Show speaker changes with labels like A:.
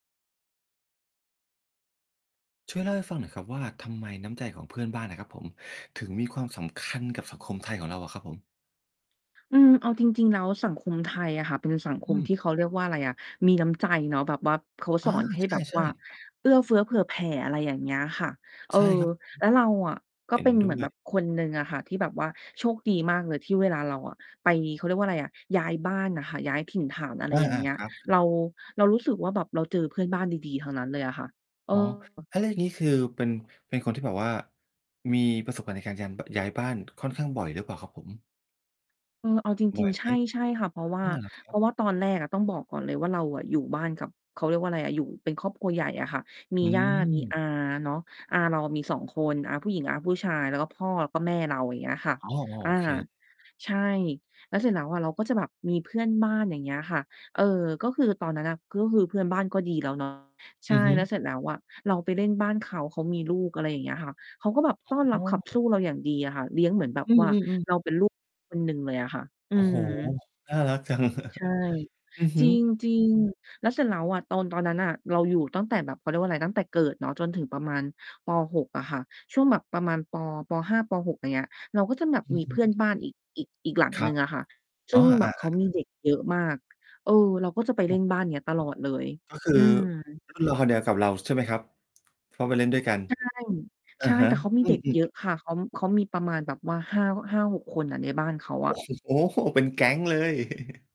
A: ช่วยเล่าให้ฟังหน่อยครับว่า ทำไมน้ำใจของเพื่อนบ้านอะครับผม ถึงมีความสำคัญกับสังคมไทยของเราอะครับผม?
B: อืม เอาจริง ๆ แล้วสังคมไทยอะค่ะเป็นสังค
A: อ
B: ม
A: ืม
B: ที่ เขาเรียกว่าไรอะ มีน้ำใจเนาะ แบบว่าเขา
A: อ
B: สอ
A: า
B: นให้
A: ใช
B: แบ
A: ่
B: บ
A: ใช
B: ว
A: ่
B: ่าเอื้อเฟื้อเผื่อแผ่ อะไรอย่างเงี้ยค่ะ เออ
A: ใช่ครับ
B: แล้วเราอะก็
A: เห็
B: เป
A: น
B: ็น
A: ด้
B: เหมือ
A: ว
B: นแบ
A: ย
B: บคนหนึ่งอะค่ะที่แบบว่าโชคดีมากเลย ที่เวลาเราอะไป เขาเรียกว่าไรอะ ย้ายบ้านน่ะค่ะ ย้ายถิ่นฐาน อะไร
A: อ
B: อย่างเ
A: า
B: งี้ย
A: ๆ ครับ ครั
B: เร
A: บ
B: า เรารู้สึกว่า แบบเราเจอเพื่อนบ้านดี ๆ ทั้งนั้นเลยอะค่ะ เอ
A: อ๋อ
B: อ
A: อา แล้วอย่างงี้ คือเป็น เป็นคนที่แบบว่ามีประสบการณ์ในการยำ เบอะ ย้ายบ้าน ค่อนข้างบ่อยหรือเปล่าครับผม?
B: เออ เอาจ
A: บ
B: ร
A: ่
B: ิ
A: อ
B: ง
A: ย
B: ๆ ใ
A: ไ
B: ช
A: หม?
B: ่ ใช่ค่ะ เพราะว่
A: อ
B: า
A: ้อ เหรอค
B: เ
A: ร
B: พ
A: ั
B: ร
A: บ?
B: าะว่าตอนแรกอะ ต้องบอกก่อนเลยว่า เราอะอยู่บ้านกับ เขาเรียกว่าไรอะ อยู่เป็นครอบครัวใหญ่อะค่ะ มี
A: อื
B: ญาติ มีอา
A: ม
B: เนาะ อาเราอะมี 2 คน อาผู้หญิง อาผู้ชาย แล้วก็พ่อ แล้วก็แม่เรา อย่างเงี้ยค่ะ
A: อ๋อ อ้อ
B: อา
A: โอเค
B: ใช่ แล้วเสร็จแล้วอะเราก็จะแบบมีเพื่อนบ้าน อย่างเงี้ยค่ะ เออ ก็คือตอนนั้นน่ะ ก็คือเพื่อนบ้านก็ดีแล้ว เนาะ ใ
A: อ
B: ช
A: ื
B: ่
A: อฮึ
B: แล้วเสร็จแล้วอะเราไปเล่นบ้านเขา เขามีลูก อะไรอย่างเงี้ยค่ะ เขาก็แบบต้อนร
A: อ
B: ั
A: ๋
B: บขับส
A: อ
B: ู้เราอย่างดีอะค่ะ เลี้ยงเหมือนแบบ
A: อื
B: ว่า
A: อ ๆ ๆ
B: เราเป็นลูก คนหนึ่งเลยอะค่ะ อื
A: โอ้โฮ
B: ม
A: น่ารักจัง
B: ใช่
A: อือฮ
B: จ
A: ึ
B: ริง ๆ แล้วเสร็จแล้วอะ ตอน ตอนนั้นน่ะ เราอยู่ตั้งแต่แบบ เขาเรียกว่าไร ตั้งแต่เกิดเนาะ จนถึงประมาณ ป. 6 อะค่ะ ช่วงแบบประมาณปอ ป. 5 ป. 6 อย่างเงี้ย เราก็จะแบบ
A: อื
B: ม
A: อ
B: ี
A: ฮ
B: เพื่อน
A: ึ
B: บ้านอีก อีก อีกหลัง
A: คร
B: หน
A: ั
B: ึ่
A: บ
B: งอะค่ะ ซึ
A: อ๋
B: ่
A: อ
B: งแบ
A: อา
B: บเขามี
A: ๆ ๆ
B: เด็กเยอะมาก เออ เราก็จะไปเ
A: อื
B: ล่
A: อ
B: นบ้านเนี้ยตลอดเลย
A: ก็คือ
B: อืม
A: รุ่นราว คราวเดียวกับเรา ใช่ไหมครับ? เพราะไปเล่นด้วยกัน
B: ใช่
A: อ
B: ใ
A: ะ
B: ช่
A: ฮ
B: แ
A: ะ
B: ต่เขามี
A: อื
B: เด็กเ
A: ม
B: ยอ
A: ๆ
B: ะค่ะ เขา เขามีประมาณแบบว่า 5- 5-6 คนน่ะในบ้านเขาอ
A: โอ
B: ะ
A: ้โฮ เป็นแก๊งเลย